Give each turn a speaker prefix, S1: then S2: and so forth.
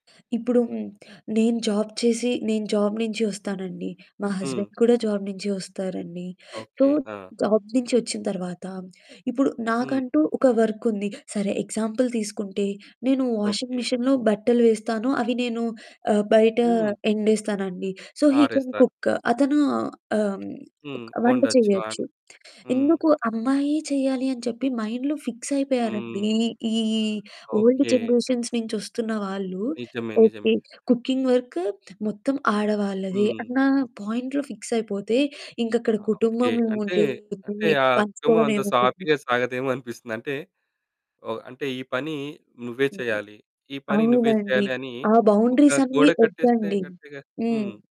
S1: ఇప్పుడు హ్మ్. నేను జాబ్ చేసి నేను జాబ్ నుంచి వస్తానండి. మా
S2: హ్మ్.
S1: హస్బెండ్ కూడా జాబ్ నుంచి వస్తారండి. So,
S2: okay. ఆ!
S1: జాబ్ నుంచి వచ్చిన తర్వాత, ఇప్పుడు
S2: హ్మ్.
S1: నాకంటూ ఒక వర్క్ ఉంది. సరే ఎగ్జాంపుల్ తీసుకుంటే, నేను వాషింగ్
S2: ఓకే.
S1: మిషిన్‌లో బట్టలు వేస్తాను. అవి నేను ఆహ్, బయట
S2: హ్మ్.
S1: ఎండేస్తానండి. సో, హీ కెన్
S2: ఆరేస్తారు.
S1: కుక్కు అతను ఆహ్, హ్మ్.
S2: హ్మ్.
S1: వంట
S2: ఒండొచ్చు.
S1: చేయొచ్చు.
S2: వాను హ్మ్.
S1: ఎందుకు అమ్మాయే చేయాలి అని చెప్పి మైండ్‌లో ఫిక్స్ అయిపోయారండి.
S2: హ్మ్.
S1: ఈ ఈ ఓల్డ్
S2: ఓకే.
S1: జనరేషన్స్ నుంచి వస్తున్న వాళ్ళు,
S2: నిజమే.
S1: ఓకే.
S2: నిజమే.
S1: కుకింగ్ వర్కు మొత్తం ఆడవాళ్ళదే
S2: హ్మ్.
S1: అన్న పాయింట్‌లో ఫిక్స్ అయిపోతే ఇంకక్కడ
S2: ఆ! ఓకే.
S1: కుటుంబం
S2: అంటే, అంటే
S1: ఏముంటుంది?
S2: ఆ కుటుంబం
S1: పంచుకోవడం
S2: అంత
S1: ఏముంటుంది?
S2: సాఫీగా సాగదేమో అనిపిస్తుంది. అంటే, ఓహ్! అంటే ఈ పని నువ్వే
S1: హుహు.
S2: చెయ్యాలి. ఈ పని నువ్వే
S1: అవునండి.
S2: చెయ్యాలి అని,
S1: ఆ
S2: ఒక
S1: బౌండరీసన్ని
S2: గోడ కట్టేస్తే
S1: వద్దండి.
S2: కరెక్ట్‌గా
S1: హ్మ్.
S2: హ్మ్.